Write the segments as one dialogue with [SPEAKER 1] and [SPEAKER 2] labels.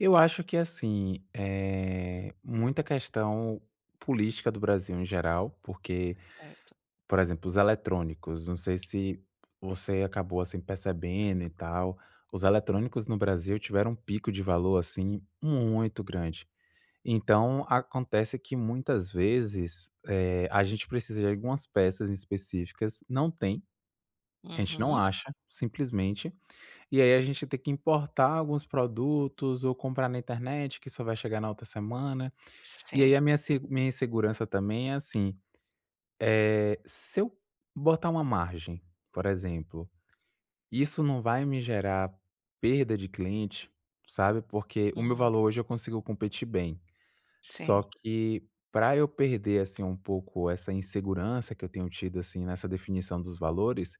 [SPEAKER 1] Eu acho que assim, eh, muita questão política do Brasil em geral. Porque,
[SPEAKER 2] Certo.
[SPEAKER 1] por exemplo, os eletrônicos, não sei se você acabou assim percebendo e tal, os eletrônicos no Brasil tiveram um pico de valor assim muito grande. Então, acontece que muitas vezes, eh, a gente precisa de algumas peças específicas, não tem, a gente não
[SPEAKER 2] Uhum.
[SPEAKER 1] acha, simplesmente. E aí a gente tem que importar alguns produtos ou comprar na internet que só vai chegar na outra semana. E aí a
[SPEAKER 2] Sim.
[SPEAKER 1] minha seg a minha insegurança também é assim, eh, se eu botar uma margem, por exemplo, isso não vai me gerar perda de cliente, sabe? Porque o meu
[SPEAKER 2] Hum.
[SPEAKER 1] valor hoje eu consigo competir bem. Só
[SPEAKER 2] Sim.
[SPEAKER 1] que, para eu perder assim um pouco essa insegurança que eu tenho tido assim nessa definição dos valores,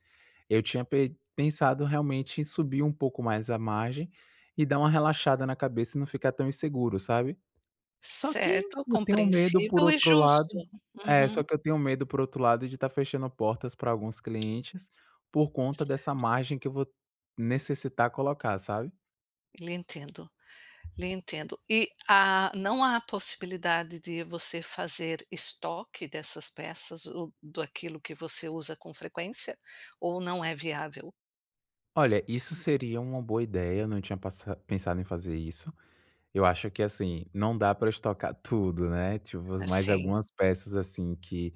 [SPEAKER 1] eu tinha pe pensado realmente em subir um pouco mais a margem e dar uma relaxada na cabeça e não ficar tão inseguro, sabe? Só que,
[SPEAKER 2] Certo,
[SPEAKER 1] eu tenho medo por
[SPEAKER 2] compreensível e
[SPEAKER 1] outro lado
[SPEAKER 2] justo.
[SPEAKER 1] é só
[SPEAKER 2] Uhum.
[SPEAKER 1] que eu tenho medo por outro lado de estar fechando portas para alguns clientes, por conta dessa margem que eu vou necessitar colocar sabe?
[SPEAKER 2] Lhe entendo lhe entendo. E há não há a possibilidade de você fazer estoque dessas peças ou daquilo que você usa com frequência, ou não é viável?
[SPEAKER 1] Olha, isso seria uma boa ideia, eu não tinha passa pensado em fazer isso. Eu acho que assim, não dá para eu estocar tudo, né? Tipo,
[SPEAKER 2] Ah,
[SPEAKER 1] mais
[SPEAKER 2] sim.
[SPEAKER 1] algumas peças, assim, que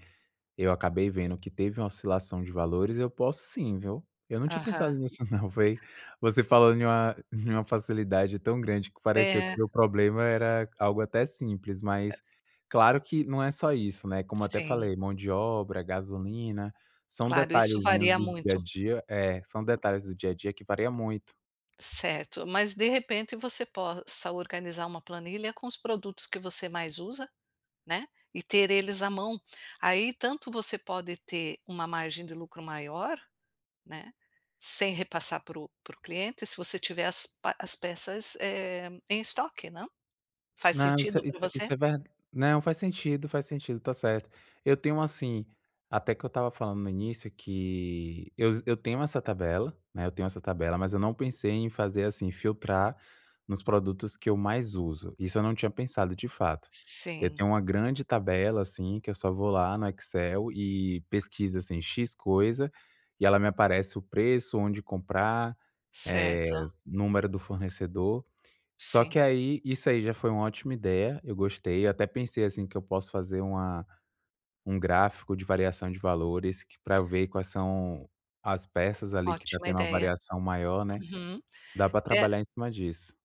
[SPEAKER 1] eu acabei vendo que teve uma oscilação de valores, eu posso sim, viu? Eu não tinha pensado
[SPEAKER 2] Aham.
[SPEAKER 1] nisso não foi, você falando em uma em uma facilidade tão grande que pareceu que
[SPEAKER 2] É.
[SPEAKER 1] meu problema era algo até simples,
[SPEAKER 2] Ah
[SPEAKER 1] mas claro que não é só isso, né, como eu até
[SPEAKER 2] Sim.
[SPEAKER 1] falei mão de obra, gasolina, são
[SPEAKER 2] Claro, isso
[SPEAKER 1] detalhezinhos
[SPEAKER 2] varia
[SPEAKER 1] do dia a
[SPEAKER 2] muito.
[SPEAKER 1] dia é, são detalhes do dia a dia que varia muito.
[SPEAKER 2] Certo, mas de repente você possa organizar uma planilha com os produtos que você mais usa, né, e ter eles à mão. Aí tanto você pode ter uma margem de lucro maior, né, sem repassar para o para o cliente, se você tiver as pe as peças em estoque não? Faz
[SPEAKER 1] Não, isso
[SPEAKER 2] sentido para
[SPEAKER 1] isso
[SPEAKER 2] você?
[SPEAKER 1] isso é ver não faz sentido faz sentido, está certo. Eu tenho assim, até que eu estava falando no início que eu eu tenho essa tabela, né, eu tenho essa tabela mas eu não pensei em fazer assim filtrar nos produtos que eu mais uso. Isso eu não tinha pensado de fato. Eu
[SPEAKER 2] Sim.
[SPEAKER 1] tenho uma grande tabela, assim, que eu só vou lá no Excel e pesquisa assim "x" coisa e ela me aparece o preço, onde comprar, eh,
[SPEAKER 2] Certo.
[SPEAKER 1] número do fornecedor. Só que
[SPEAKER 2] Sim.
[SPEAKER 1] aí, isso aí já foi uma ótima ideia, eu gostei, eu até pensei assim que eu posso fazer uma um gráfico de variação de valores que para eu ver quais são as peças ali que está
[SPEAKER 2] Ótima
[SPEAKER 1] tendo uma
[SPEAKER 2] ideia.
[SPEAKER 1] variação maior, né.
[SPEAKER 2] Uhum,
[SPEAKER 1] Dá para
[SPEAKER 2] é
[SPEAKER 1] trabalhar em cima disso.